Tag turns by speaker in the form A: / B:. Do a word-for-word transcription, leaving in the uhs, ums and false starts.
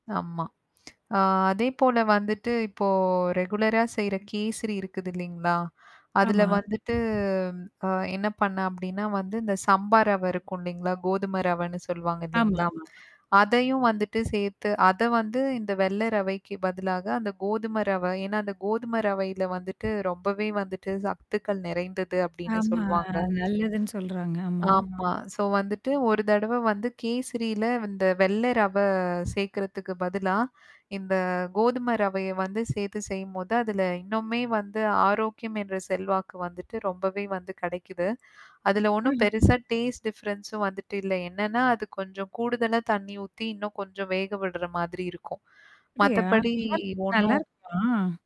A: ஆமா. ஆ அதேப்போல வந்துட்டு இப்போ ரெகுலரா செய்ற கேசரி இருக்குது இல்லைங்களா? அதுல
B: ஆமா.
A: வந்துட்டு அ என்ன பண்ண அப்டின்னா வந்து இந்த சம்பா ரவை இருக்கும் இல்லைங்களா? கோதும ரவைன்னு சொல்லுவாங்க இல்லைங்களா?
B: ஆமாமா.
A: அதையும் வந்துட்டு சேர்த்து அத வந்து இந்த வெள்ள ரவைக்கு பதிலாக, அந்த கோதும ரவை ஏன்னா, அந்த கோதும ரவையில வந்துட்டு ரொம்பவே வந்துட்டு சக்துக்கள் நிறைந்தது அப்டின்னு
B: ஆமா.
A: சொல்வாங்க.
B: அது நல்லதுன்னு சொல்றாங்க. ஆமா.
A: ஆமா. ஸோ வந்துட்டு ஒரு தடவ வந்து கேசிரில இந்த வெள்ளை ரவை சேர்க்கறதுக்கு பதிலா, இந்த கோதும ரவைய வந்து சேர்த்து செய்யும்போது அதுல இன்னுமே வந்து ஆரோக்கியம் என்ற செல்வாக்கு வந்துட்டு ரொம்பவே வந்து கிடைக்குது. அதுல ஒண்ணும்
B: ம்ஹ்ம்.
A: பெருசா டேஸ்ட் டிஃபரன்ஸும் வந்துட்டு இல்ல. என்னன்னா அது கொஞ்சம் கூடுதலா தண்ணீ ஊத்தி, இன்னும் கொஞ்சம் வேக விடுற மாதிரி இருக்கும்.
B: அப்டியா?
A: மத்தபடி
B: நல்லாரு
A: ஒண்ணும்
B: நல்லாருக்குமா?